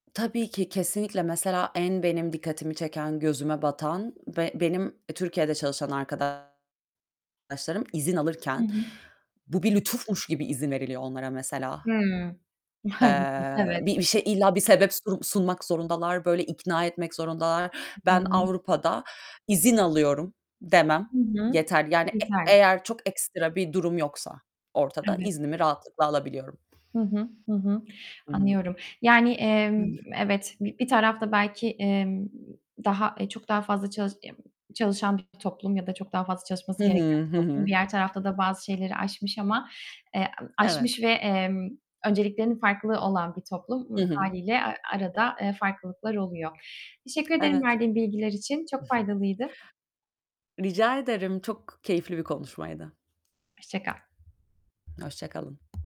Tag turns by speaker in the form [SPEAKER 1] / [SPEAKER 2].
[SPEAKER 1] Tabii ki. Kesinlikle. Mesela en benim dikkatimi çeken, gözüme batan ve benim Türkiye'de çalışan arkadaşlarım izin
[SPEAKER 2] Hı
[SPEAKER 1] alırken
[SPEAKER 2] hı.
[SPEAKER 1] bu bir lütufmuş gibi izin veriliyor onlara mesela.
[SPEAKER 2] Hıı. Maalesef.
[SPEAKER 1] Eee,
[SPEAKER 2] Evet.
[SPEAKER 1] bir bir şey, illa bir sebep surum sunmak zorundalar, böyle ikna etmek zorundalar.
[SPEAKER 2] Hı
[SPEAKER 1] Ben
[SPEAKER 2] hı.
[SPEAKER 1] Avrupa'da, "İzin alıyorum." demem
[SPEAKER 2] Hı hı.
[SPEAKER 1] yeterli. Yani e
[SPEAKER 2] Yeterli.
[SPEAKER 1] eğer çok ekstra bir durum yoksa ortada
[SPEAKER 2] Evet.
[SPEAKER 1] iznimi rahatlıkla alabiliyorum.
[SPEAKER 2] Hı hı, hı hı,
[SPEAKER 1] Hı hı.
[SPEAKER 2] anlıyorum. Yani, emm,
[SPEAKER 1] Hı.
[SPEAKER 2] evet, bir bir tarafta belki, emm, daha eee, çok daha fazla çalış ya, çalışan bir toplum ya da çok daha fazla
[SPEAKER 1] Hı
[SPEAKER 2] çalışması gereken
[SPEAKER 1] hı, hı
[SPEAKER 2] toplum.
[SPEAKER 1] hı.
[SPEAKER 2] Diğer tarafta da bazı şeyleri aşmış ama, eee, emm,
[SPEAKER 1] Evet.
[SPEAKER 2] aşmış ve, emm, önceliklerinin farklı olan bir toplum.
[SPEAKER 1] Hı hı.
[SPEAKER 2] Hâliyle a arada, eee, farklılıklar oluyor. Teşekkür ederim
[SPEAKER 1] Evet.
[SPEAKER 2] verdiğin bilgiler için. Çok faydalıydı.
[SPEAKER 1] Rica ederim, çok keyifli bir konuşmaydı.
[SPEAKER 2] Hoşça kal.
[SPEAKER 1] Hoşça kalın.